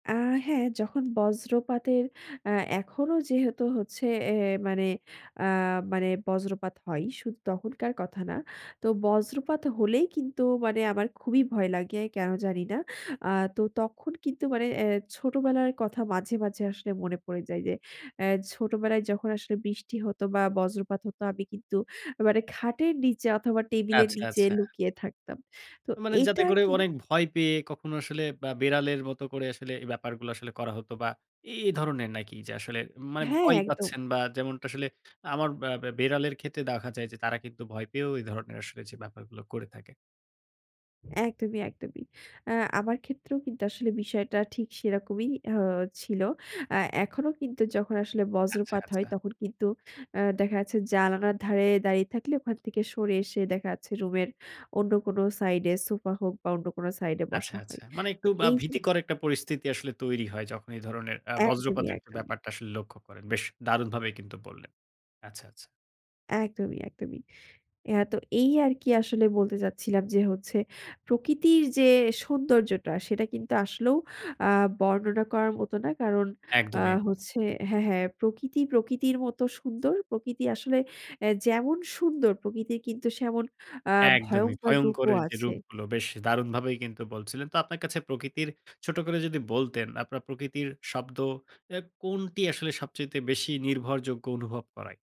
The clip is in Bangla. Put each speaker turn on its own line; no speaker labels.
আ হ্যাঁ, যখন বজ্রপাতের আ এখনও যেহেতু হচ্ছে এ মানে আ মানে বজ্রপাত হয়। শুধু তখনকার কথা না তো বজ্রপাত হলেই কিন্তু মানে আমার খুবই ভয় লাগে কেন জানি না। আ তো তখন কিন্তু মানে এ্যা ছোটোবেলার কথা মাঝে, মাঝে, আসলে মনে পড়ে যায় যে, অ্যা ছোটোবেলায় যখন আসলে বৃষ্টি হতো বা বজ্রপাত হতো আমি কিন্তু মানে খাটের নিচে অথবা টেবিলের
আচ্ছা,
নিচে
আচ্ছা।
লুকিয়ে থাকতাম। তো
মানে যাতে
এটা
করে
কি
অনেক ভয় পেয়ে কখনো আসলে বা বেড়ালের মতো করে আসলে এই ব্যাপারগুলো আসলে করা হতো। বা এই ধরনের নাকি যে, আসলে মানে
হ্যাঁ,
ভয়
একদম।
পাচ্ছেন বা যেমনটা আসলে আমার বা ব্যা বেড়ালের ক্ষেত্রে দেখা যায় যে, তারা কিন্তু ভয় পেয়েও এ ধরনের আসলে যে, ব্যাপারগুলো করে থাকে।
একদমই, একদমই। আ আমার ক্ষেত্রেও কিন্তু আসলে বিষয়টা ঠিক সেরকমই আ ছিল। অ্যা এখনো কিন্তু যখন আসলে
আচ্ছা,
বজ্রপাত হয়
আচ্ছা।
তখন কিন্তু আ দেখা যাচ্ছে, জানালার ধারে দাঁড়িয়ে থাকলে ওখান থেকে সরে এসে দেখা যাচ্ছে রুমের অন্য কোন সাইডে সোফা হোক বা অন্য কোনো সাইডে
আচ্ছা,
বসা
আচ্ছা।
হয়।
মানে
তো
একটু বা
এই জিনি
ভীতিকর একটা পরিস্থিতি আসলে তৈরি হয়। যখন এই ধরনের আ
একদমই,
বজ্রপাতের
একদমই।
ব্যাপারটা আসলে লক্ষ্য করেন। বেশ দারুণভাবেই কিন্তু বললেন। আচ্ছা, আচ্ছা।
একদমই, একদমই। হ্যাঁ, তো এই আরকি আসলে বলতে চাচ্ছিলাম যে, হচ্ছে, প্রকৃতির যে, সৌন্দর্যটা, সেটা কিন্তু আসলেও আ বর্ণনা করার মতো না। কারণ আ
একদমই, একদমই।
হচ্ছে হ্যাঁ, হ্যাঁ, প্রকৃতি প্রকৃতির মতো সুন্দর। প্রকৃতি আসলে আ যেমন সুন্দর প্রকৃতির কিন্তু সেমন আ
একদমই
ভয়ঙ্কর রূপও
ভয়ংকরের যে,
আছে।
রূপগুলো। বেশ দারুণভাবেই কিন্তু বলছিলেন। তো আপনার কাছে প্রকৃতির ছোট করে যদি বলতেন, আপনার প্রকৃতির শব্দ এ্যা কোনটি আসলে সবচাইতে বেশি নির্ভরযোগ্য অনুভব করায়?